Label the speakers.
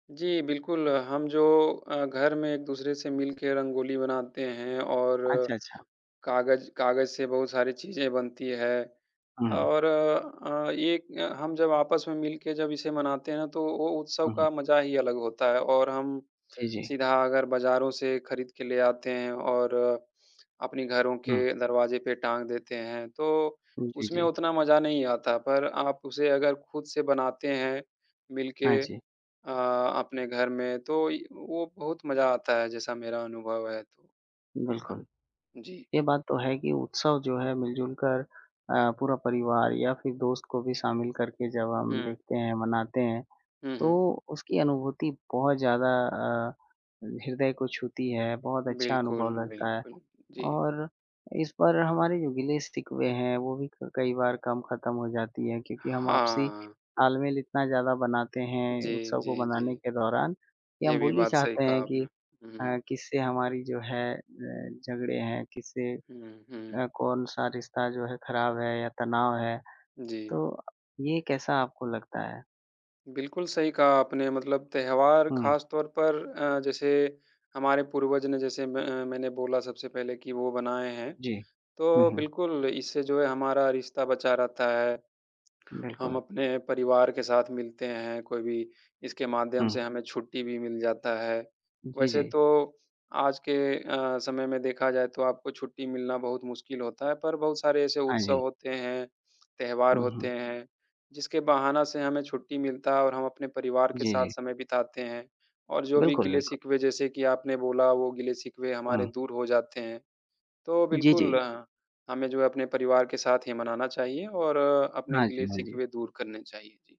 Speaker 1: जी, बिल्कुल। हम जो अ, घर में एक-दूसरे से मिलके रंगोली बनाते हैं और
Speaker 2: अच्छा, अच्छा।
Speaker 1: काग़ज़ काग़ज़ से बहुत सारी चीज़ें बनती हैं।
Speaker 2: हुँ।
Speaker 1: और अ, एक हम जब आपस में मिलके जब इसे मनाते हैं ना तो वो उत्सव
Speaker 2: हुँ, हुँ।
Speaker 1: का मज़ा ही अलग होता है। और हम,
Speaker 2: जी, जी।
Speaker 1: सीधा अगर बाज़ारों से ख़रीद के ले आते हैं और अपने घरों
Speaker 2: हुँ।
Speaker 1: के दरवाज़े पे टांग देते हैं तो,
Speaker 2: हुँ, जी,
Speaker 1: उसमें
Speaker 2: जी।
Speaker 1: उतना मज़ा नहीं आता। पर आप उसे अगर ख़ुद से बनाते हैं, मिल
Speaker 2: हाँ,
Speaker 1: के
Speaker 2: जी।
Speaker 1: अ, अपने घर में तो य वो बहुत मज़ा आता है जैसा मेरा अनुभव है।
Speaker 2: बिल्कुल।
Speaker 1: जी।
Speaker 2: ये बात तो है कि उत्सव जो है मिलजुल कर अ, पूरा परिवार या फिर दोस्त को भी शामिल करके जब हम
Speaker 1: हुँ।
Speaker 2: देखते हैं मनाते हैं,
Speaker 1: हुँ, हुँ।
Speaker 2: तो उसकी अनुभूति बहुत ज़्यादा अ, हृदय को छूती है बहुत अच्छा अनुभव
Speaker 1: बिल्कुल,
Speaker 2: लगता है।
Speaker 1: बिल्कुल। जी।
Speaker 2: और इस पर हमारे जो गिले-शिकवे हैं वो भी क कई बार कम ख़त्म हो जाती है क्योंकि हम आपसी
Speaker 1: हाँ।
Speaker 2: तालमेल इतना ज़्यादा बनाते हैं
Speaker 1: जी,
Speaker 2: उत्सव को
Speaker 1: जी,
Speaker 2: मनाने
Speaker 1: जी।
Speaker 2: के दौरान, कि
Speaker 1: ये
Speaker 2: हम
Speaker 1: भी
Speaker 2: भूल ही
Speaker 1: बात सही
Speaker 2: जाते
Speaker 1: कहा
Speaker 2: हैं
Speaker 1: आपने।
Speaker 2: कि अ,
Speaker 1: हुँ।
Speaker 2: किससे हमारी जो है अ, झगड़े हैं? किससे
Speaker 1: हुँ, हुँ।
Speaker 2: अ, कौन-सा रिश्ता जो है ख़राब है या तनाव है?
Speaker 1: जी।
Speaker 2: तो ये कैसा आपको लगता है?
Speaker 1: बिल्कुल सही कहा आपने, मतलब त्योहार
Speaker 2: हुँ।
Speaker 1: ख़ास तौर पर अ, जैसे हमारे पूर्वज ने जैसे म अ, मैंने बोला सबसे पहले कि वो बनाएँ हैं।
Speaker 2: जी। हुँ,
Speaker 1: तो
Speaker 2: हुँ।
Speaker 1: बिल्कुल इससे जो है हमारा रिश्ता बचा रहता है। हम
Speaker 2: बिल्कुल।
Speaker 1: अपने परिवार के साथ मिलते हैं, कोई भी इसके माध्यम से
Speaker 2: हुँ।
Speaker 1: हमें छुट्टी भी मिल जाता है।
Speaker 2: जी,
Speaker 1: वैसे
Speaker 2: जी।
Speaker 1: तो आज के अ, समय में देखा जाए तो आपको छुट्टी मिलना बहुत मुश्किल होता है, पर बहुत सारे ऐसे
Speaker 2: हाँ,
Speaker 1: उत्सव
Speaker 2: जी।
Speaker 1: होते हैं, त्योहार
Speaker 2: हुँ,
Speaker 1: होते
Speaker 2: हुँ।
Speaker 1: हैं, जिसके बहाना से हमें छुट्टी मिलता है और हम अपने परिवार के
Speaker 2: जी,
Speaker 1: साथ
Speaker 2: जी।
Speaker 1: समय बिताते हैं। और जो भी
Speaker 2: बिल्कुल, बिल्कुल।
Speaker 1: गिले-शिकवे जैसे कि आपने बोला वो गिले-शिकवे हमारे
Speaker 2: हुँ।
Speaker 1: दूर हो जाते हैं। तो
Speaker 2: जी,
Speaker 1: बिल्कुल,
Speaker 2: जी।
Speaker 1: ह हमें जो है अपने परिवार के साथ ही मनाना चाहिए और अपने
Speaker 2: हाँ जी, हाँ जी।
Speaker 1: गिले-शिकवे दूर करने चाहिए। जी।